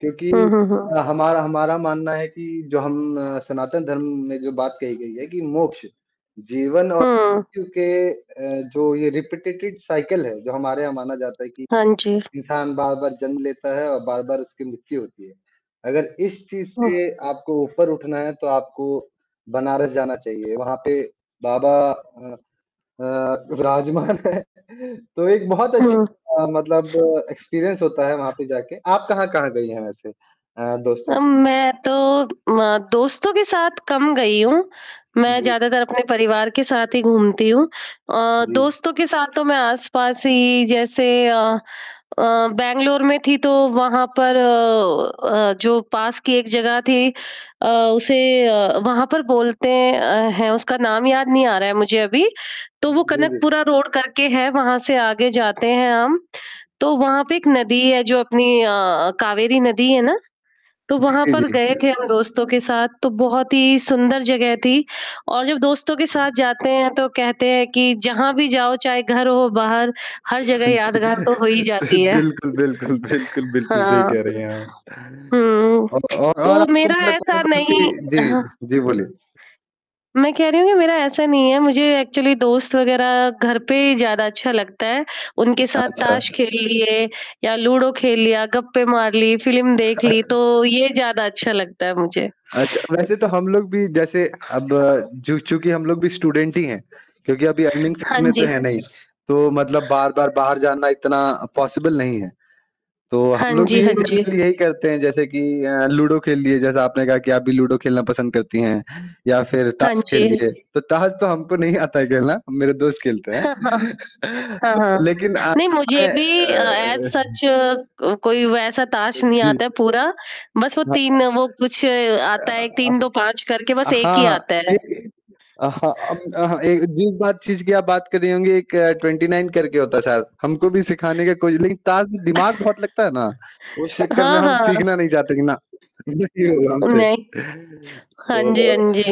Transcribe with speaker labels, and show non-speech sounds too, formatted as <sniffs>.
Speaker 1: क्योंकि
Speaker 2: हुँ, हुँ, हुँ।
Speaker 1: हमारा हमारा मानना है कि जो हम अ, सनातन धर्म में जो बात कही गई है कि मोक्ष, जीवन और
Speaker 2: हुँ।
Speaker 1: क्योंकि अ, जो ये रिपीटेटेड साइकिल है। जो हमारे यहाँ माना जाता है कि
Speaker 2: हाँ जी।
Speaker 1: इंसान बार-बार जन्म लेता है और बार-बार उसकी मृत्यु होती है। अगर इस चीज़
Speaker 2: हुँ।
Speaker 1: से आपको ऊपर उठना है तो आपको बनारस जाना चाहिए वहाँ पे बाबा अ अ, विराजमान है। तो एक बहुत अच्छी
Speaker 2: हुँ।
Speaker 1: अ, मतलब एक्सपीरियंस होता है वहाँ पे जाके। आप कहाँ-कहाँ गई हैं वैसे? अ, दोस्तों
Speaker 2: अम, मैं तो अ, दोस्तों के साथ कम गई हूँ, मैं
Speaker 1: जी।
Speaker 2: ज़्यादातर अपने परिवार के साथ ही घूमती हूँ। अ,
Speaker 1: जी।
Speaker 2: दोस्तों के साथ तो मैं आस-पास ही जैसे अ अ, बैंगलोर में थी तो वहाँ पर अ अ, जो पास की एक जगह थी। अ, उसे अ, वहाँ पर बोलते हैं अ, है उसका नाम याद नहीं आ रहा है मुझे अभी। तो वो
Speaker 1: जी, जी।
Speaker 2: कनकपुरा रोड करके है वहाँ से आगे जाते हैं हम, तो वहाँ पे एक नदी है। जो अपनी अ, कावेरी नदी है ना? तो
Speaker 1: जी,
Speaker 2: वहाँ
Speaker 1: जी,
Speaker 2: पर गए थे
Speaker 1: जी।
Speaker 2: हम दोस्तों के साथ तो बहुत ही सुंदर जगह थी और जब दोस्तों के साथ जाते हैं। तो कहते हैं कि जहाँ भी जाओ चाहे घर हो, बाहर हर जगह यादगार तो हो ही
Speaker 1: <chuckles>
Speaker 2: जाती है।
Speaker 1: बिल्कुल, बिल्कुल। बिल्कुल, बिल्कुल सही
Speaker 2: हाँ,
Speaker 1: कह रहे हैं आप।
Speaker 2: हुँ
Speaker 1: और और और
Speaker 2: तो
Speaker 1: आपको
Speaker 2: मेरा
Speaker 1: मतलब
Speaker 2: ऐसा
Speaker 1: कौन-कौन सी
Speaker 2: नहीं
Speaker 1: जी,
Speaker 2: हाँ।
Speaker 1: जी बोलिए?
Speaker 2: मैं कह रही हूँ कि मेरा ऐसा नहीं है। मुझे एक्चुअली दोस्त वगैरह घर पे ही ज़्यादा अच्छा लगता है। उनके साथ
Speaker 1: अच्छा।
Speaker 2: ताश खेल लिए या लूडो खेल लिया, गप्पे मार ली, फ़िल्म देख ली
Speaker 1: अत
Speaker 2: तो ये ज़्यादा अच्छा लगता है मुझे। <sniffs>
Speaker 1: अच्छा वैसे तो हम लोग भी जैसे अब जो चूँकि हम लोग भी स्टूडेंट ही हैं क्योंकि अभी अर्निंग
Speaker 2: हाँ
Speaker 1: फेज़ में
Speaker 2: जी।
Speaker 1: तो है नहीं। तो मतलब बार-बार बाहर जाना इतना पॉसिबल नहीं है। तो
Speaker 2: हाँ
Speaker 1: हम लोग
Speaker 2: जी,
Speaker 1: भी
Speaker 2: हाँ
Speaker 1: यही
Speaker 2: जी।
Speaker 1: जनरली यही करते हैं जैसे कि अ, लूडो खेल लिए जैसा आपने कहा कि आप भी लूडो खेलना पसंद करती हैं या फ़िर
Speaker 2: हाँ
Speaker 1: ताश
Speaker 2: जी।
Speaker 1: खेल लिए। तो ताश तो हमको नहीं आता है खेलना मेरे दोस्त खेलते हैं।
Speaker 2: <chuckles>
Speaker 1: <chuckles>
Speaker 2: हाँ,
Speaker 1: तो
Speaker 2: हाँ।
Speaker 1: लेकिन अ,
Speaker 2: नहीं मुझे
Speaker 1: हमारे
Speaker 2: भी अ, एज़
Speaker 1: अ अ
Speaker 2: सच क कोई वैसा
Speaker 1: अ,
Speaker 2: ताश नहीं
Speaker 1: जी,
Speaker 2: आता है
Speaker 1: जी।
Speaker 2: पूरा। बस वो
Speaker 1: हाँ,
Speaker 2: 3
Speaker 1: हाँ।
Speaker 2: वो कुछ आता है
Speaker 1: अ,
Speaker 2: 3-2-5 करके
Speaker 1: हाँ।
Speaker 2: बस एक
Speaker 1: हाँ,
Speaker 2: ही
Speaker 1: हाँ
Speaker 2: आता है।
Speaker 1: एक एक अ, हाँ, अब अ, हाँ, जिस बात जिस चीज़ की आप बात कर रही होंगी एक 29 करके होता है शायद। हमको भी सिखाने का कोई लेकिन ताश में दिमाग बहुत लगता है ना।
Speaker 2: <chuckles>
Speaker 1: उस चक्कर में
Speaker 2: हाँ,
Speaker 1: हम
Speaker 2: हाँ, हाँ।
Speaker 1: सीखना नहीं चाहते कि ना, ये नहीं होगा
Speaker 2: उम,
Speaker 1: हमसे।
Speaker 2: नहीं।
Speaker 1: <chuckles>
Speaker 2: हाँ जी, हाँ
Speaker 1: तो
Speaker 2: जी।